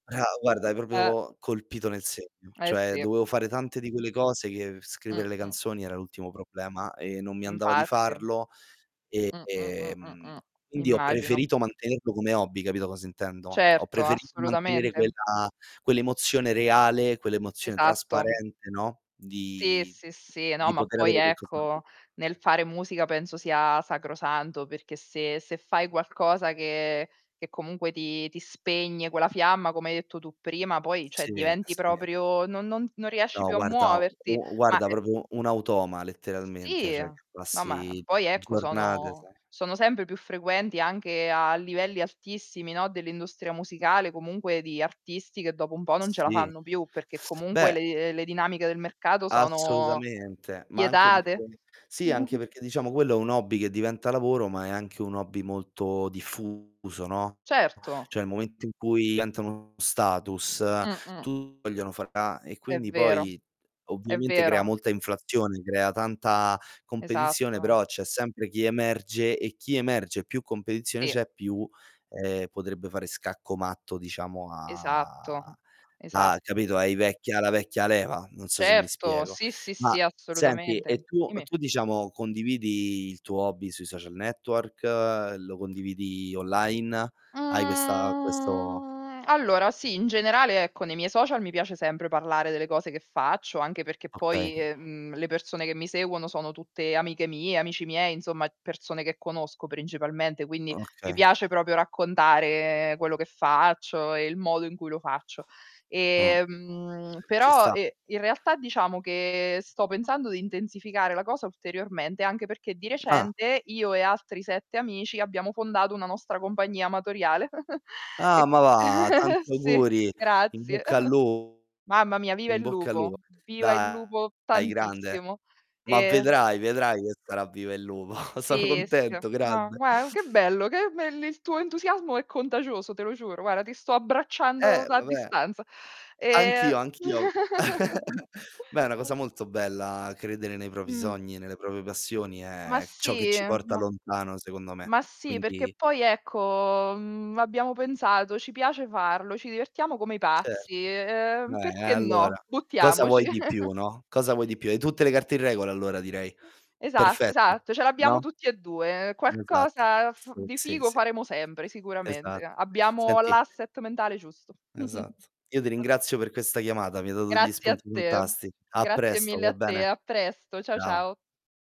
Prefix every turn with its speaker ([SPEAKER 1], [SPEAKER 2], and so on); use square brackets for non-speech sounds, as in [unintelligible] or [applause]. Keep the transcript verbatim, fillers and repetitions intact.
[SPEAKER 1] Bra guarda, hai
[SPEAKER 2] Uhm
[SPEAKER 1] propio colpito nel segno.
[SPEAKER 2] Eh
[SPEAKER 1] Cioè
[SPEAKER 2] sì.
[SPEAKER 1] dovevo fare tante di quelle cose, che scrivere le
[SPEAKER 2] Mh-mh.
[SPEAKER 1] canzoni era l'ultimo problema e non mi andava di
[SPEAKER 2] Infatti.
[SPEAKER 1] farlo.
[SPEAKER 2] Mh, mh, mh, mh,
[SPEAKER 1] Ehm,
[SPEAKER 2] mh,
[SPEAKER 1] quindi ho
[SPEAKER 2] immagino.
[SPEAKER 1] preferito mantenerlo come hobby, capito cosa intendo? Ho
[SPEAKER 2] Certo,
[SPEAKER 1] preferito mantenere
[SPEAKER 2] assolutamente.
[SPEAKER 1] quella quell'emozione reale, quell'emozione
[SPEAKER 2] Esatto.
[SPEAKER 1] trasparente, no,
[SPEAKER 2] Sì,
[SPEAKER 1] di
[SPEAKER 2] sì, sì, no
[SPEAKER 1] di
[SPEAKER 2] ma
[SPEAKER 1] poter
[SPEAKER 2] poi
[SPEAKER 1] avere qualcosa da
[SPEAKER 2] ecco, nel
[SPEAKER 1] [unintelligible]
[SPEAKER 2] fare musica penso sia sacrosanto, perché se se fai qualcosa, che che comunque ti ti spegne quella fiamma, come hai detto tu prima, poi ceh
[SPEAKER 1] Sì,
[SPEAKER 2] diventi
[SPEAKER 1] sì.
[SPEAKER 2] proprio no non non riesci
[SPEAKER 1] No,
[SPEAKER 2] più a
[SPEAKER 1] guarda
[SPEAKER 2] muoverti.
[SPEAKER 1] u
[SPEAKER 2] Ma
[SPEAKER 1] guarda
[SPEAKER 2] g
[SPEAKER 1] propio un automa, letteralmente,
[SPEAKER 2] Sì,
[SPEAKER 1] cioè che
[SPEAKER 2] no, ma
[SPEAKER 1] passi
[SPEAKER 2] poi ecco
[SPEAKER 1] giornate,
[SPEAKER 2] sono
[SPEAKER 1] sai
[SPEAKER 2] sono sembre più frequenti anche a livelli altissimi no, dell'industria musicale comungue di artisti, che dopo un bo non ce la
[SPEAKER 1] Sì.
[SPEAKER 2] fanno più, perché comunque
[SPEAKER 1] Beh
[SPEAKER 2] le le dinamiche del mercato sono
[SPEAKER 1] Assolutamente, ma anche
[SPEAKER 2] pietate.
[SPEAKER 1] perché sì, anche
[SPEAKER 2] [chuckles]
[SPEAKER 1] perché, diciamo quello è un hobby che diventa lavoro, ma è anche un hobby molto diffuso, no.
[SPEAKER 2] Certo.
[SPEAKER 1] Cioè il momento in cui diventa uno status,
[SPEAKER 2] Mh-mh.
[SPEAKER 1] tu vogliono [unintelligible] e
[SPEAKER 2] È
[SPEAKER 1] quindi
[SPEAKER 2] vero.
[SPEAKER 1] poi
[SPEAKER 2] È
[SPEAKER 1] ovviamente crea
[SPEAKER 2] vero.
[SPEAKER 1] molta inflazione, crea tanta competizione,
[SPEAKER 2] Esatto.
[SPEAKER 1] però c'è sempre chi emerge e chi emerge, più competizione
[SPEAKER 2] Sì.
[SPEAKER 1] c'è, più, ehm, potrebbe fare scacco matto, diciamo, a
[SPEAKER 2] Esatto,
[SPEAKER 1] a
[SPEAKER 2] esatto.
[SPEAKER 1] capito, ai vecchi alla vecchia leva, non so se mi
[SPEAKER 2] Certo,
[SPEAKER 1] spiego.
[SPEAKER 2] sì, sì,
[SPEAKER 1] Ma
[SPEAKER 2] sì,
[SPEAKER 1] senti,
[SPEAKER 2] assolutamente.
[SPEAKER 1] e tu
[SPEAKER 2] immi.
[SPEAKER 1] tu diciamo condividi il tuo hobby sui social network, lo condividi online? Hai questa questo
[SPEAKER 2] Mhmm, allora sì, in generale ecco nei miei social mi piace sempre parlare delle cose che faccio, anche perché
[SPEAKER 1] Okay.
[SPEAKER 2] poi, ehm, le persone che mi seguono sono tutte amiche mie, amici miei, insomma persone che conosco principalmente, quindi mi
[SPEAKER 1] Okay.
[SPEAKER 2] piace proprio raccontare quello che faccio e il modo in cui lo faccio.
[SPEAKER 1] Mh.
[SPEAKER 2] Ehm,
[SPEAKER 1] Ci
[SPEAKER 2] però,
[SPEAKER 1] sta.
[SPEAKER 2] ehm, in realtà diciamo che sto pensando di intensificare la cosa ulteriormente, anche perché di
[SPEAKER 1] Ah.
[SPEAKER 2] recente io e altri sette amici, abbiamo fondato una nostra combagnia amatoriale. [chuckles] E
[SPEAKER 1] Ah, ma va!
[SPEAKER 2] [chuckles]
[SPEAKER 1] Tanti
[SPEAKER 2] Sì,
[SPEAKER 1] auguri. In
[SPEAKER 2] grazie.
[SPEAKER 1] bocca al lu
[SPEAKER 2] [chuckles] Mamma mia, viva il
[SPEAKER 1] in bocca al
[SPEAKER 2] lupo,
[SPEAKER 1] lupo.
[SPEAKER 2] viva il lupo
[SPEAKER 1] Dai grande.
[SPEAKER 2] tantissimo.
[SPEAKER 1] Ma
[SPEAKER 2] Ehm
[SPEAKER 1] vedrai, vedrai che sarà viva il lupo. Sono
[SPEAKER 2] Sì, sì.
[SPEAKER 1] contento,
[SPEAKER 2] No,
[SPEAKER 1] grande.
[SPEAKER 2] gua che bello, che bel il tuo entusiasmo è contagioso, te lo giuro. Guarda, ti sto abbracciando
[SPEAKER 1] Eh,
[SPEAKER 2] da a
[SPEAKER 1] vabbè.
[SPEAKER 2] distanza. Ehm
[SPEAKER 1] Anch'io, anch'io av
[SPEAKER 2] [giggles]
[SPEAKER 1] [chuckles] Beh, è una cosa molto bella credere nei propi
[SPEAKER 2] Mh.
[SPEAKER 1] sogni, nelle propie passioni,
[SPEAKER 2] Ma
[SPEAKER 1] è c ciò che
[SPEAKER 2] sì,
[SPEAKER 1] ci porta
[SPEAKER 2] ma
[SPEAKER 1] lontano, secondo me.
[SPEAKER 2] ma sì, perché
[SPEAKER 1] Quindi
[SPEAKER 2] poi ecco, mhmm, abbiamo pensato: "Ci piace farlo, ci divertiamo come i
[SPEAKER 1] Certo.
[SPEAKER 2] pazzi, ehm,
[SPEAKER 1] Eh, e
[SPEAKER 2] perché
[SPEAKER 1] allora,
[SPEAKER 2] no?
[SPEAKER 1] cosa
[SPEAKER 2] Buttiamoci."
[SPEAKER 1] vuoi di più,
[SPEAKER 2] [chuckles]
[SPEAKER 1] no, cosa vuoi di più? Hai tutte le carte in regola allora, direi.
[SPEAKER 2] Esatto,
[SPEAKER 1] Perfetto,
[SPEAKER 2] esatto, ce l'abbiamo
[SPEAKER 1] no?
[SPEAKER 2] tutti e due, ehm,
[SPEAKER 1] Esatto.
[SPEAKER 2] qualcosa, uhm, f
[SPEAKER 1] Sì,
[SPEAKER 2] di
[SPEAKER 1] sì,
[SPEAKER 2] figo
[SPEAKER 1] sì.
[SPEAKER 2] faremo sembre, sicuramente.
[SPEAKER 1] Esat
[SPEAKER 2] A abbiamo l'
[SPEAKER 1] senti
[SPEAKER 2] asset mentale giusto. [chuckles]
[SPEAKER 1] Esatto. Io ti
[SPEAKER 2] [unintelligible]
[SPEAKER 1] ringrazio per questa chiamata, mi hai dato degli
[SPEAKER 2] Grazie a
[SPEAKER 1] spunti
[SPEAKER 2] te.
[SPEAKER 1] fantasti a
[SPEAKER 2] Grazie
[SPEAKER 1] presto,
[SPEAKER 2] mille
[SPEAKER 1] va
[SPEAKER 2] a te,
[SPEAKER 1] bene?
[SPEAKER 2] a presto. Ciao,
[SPEAKER 1] Ciao.
[SPEAKER 2] ciao.